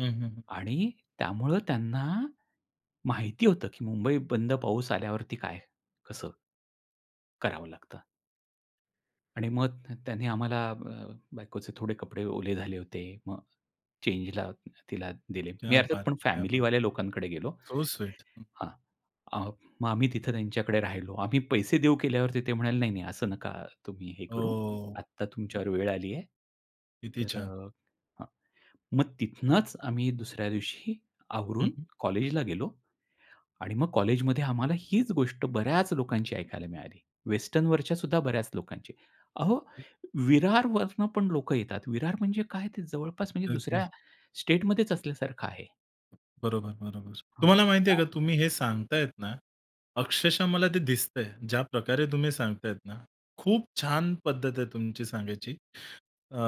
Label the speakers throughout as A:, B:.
A: हं, हं, हं.
B: आणि त्यामुळे त्यांना माहिती होतं, की मुंबई बंद पाऊस आल्यावरती काय? कसं? करावं लागतं. आणि मग त त्यांनी आम्हाला अ, बायकोचे थोडे कपडे ओले झाले होते. मग चेंजला तिला दिले. मी
A: क्या
B: अर्थात
A: बात
B: पण
A: है! क्या बात
B: फॅमिलीवाल्या
A: है!
B: लोकांकडे गेलो
A: सो स्वीट. हं.
B: हां. अ, मग आम्ही तिथे त्यांच्याकडे राहिलो. आम्ही पैसे देऊ केल्यावरती ते म्हणाले नाही, नाही असं नका तुम्ही हे करू.
A: हो.
B: आता तुमच्यावर वेळ आली आहे.
A: किती
B: तर
A: छान.
B: अ, हं, मग तिथनंच आम्ही दुसऱ्या दिवशी
A: हं,
B: आवरून
A: हं.
B: कॉलेजला गेलो आणि मग कॉलेजमध्ये आम्हाला हीच गोष्ट बऱ्याच लोकांची ऐकायला मिळाली. वेस्टर्नवरच्या सुद्धा बऱ्याच लोकांची. अहो विरारवरून पण लोकं येतात. विरार म्हणजे काय ते जवळपास म्हणजे
A: अगदीच.
B: दुसऱ्या स्टेटमध्येच असल्यासारखं आहे.
A: बरोबर, बरोबर.
B: हां.
A: तुम्हाला माहिती आहे का,
B: पालघर.
A: तुम्ही हे सांगतायत ना, अक्षरशः मला ते दिसतंय ज्या प्रकारे तुम्ही सांगताय ना. खूप छान पद्धत आहे तुमची सांगायची. अ,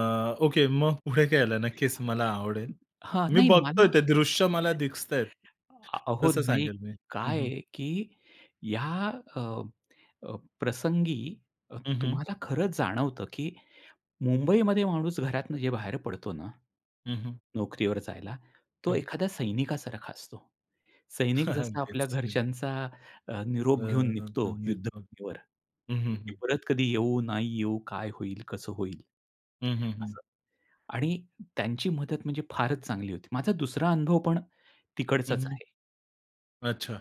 A: ओके मग पुढे काय झालं? नक्कीच मला आवडेल.
B: हां
A: मी
B: नाही मला
A: बघतोय ते दृश्य मला दिसताहेत.
B: अहो
A: तसं
B: नाही
A: सांगेल मी. हं,
B: काय
A: हं.
B: आहे, की या अ, अ, प्रसंगी अ,
A: हं, हं.
B: तुम्हाला खरंच जाणवतं, की मुंबईमध्ये माणूस घरातून जे बाहेर पडतो ना,
A: हं, हं.
B: नोकरीवर जायला तो
A: हं.
B: एखाद्या सैनिकासारखा असतो. सैनिक जसा
A: अगदीच.
B: आपल्या
A: अगदी.
B: घरच्यांचा अ,
A: [unintelligible]
B: निरोप घेऊन
A: हं,
B: निघतो
A: हं,
B: युद्धभूमीवर. की
A: हं.
B: परत कधी येऊ? नाही येऊ? काय होईल? कसं होईल?
A: हं, हं, हं.
B: असं, आणि त्यांची मदत म्हणजे फारच चांगली होती माझा दुसरा अनुभव पण
A: हं,
B: तिकडचाच
A: हं.
B: आहे.
A: अच्छा.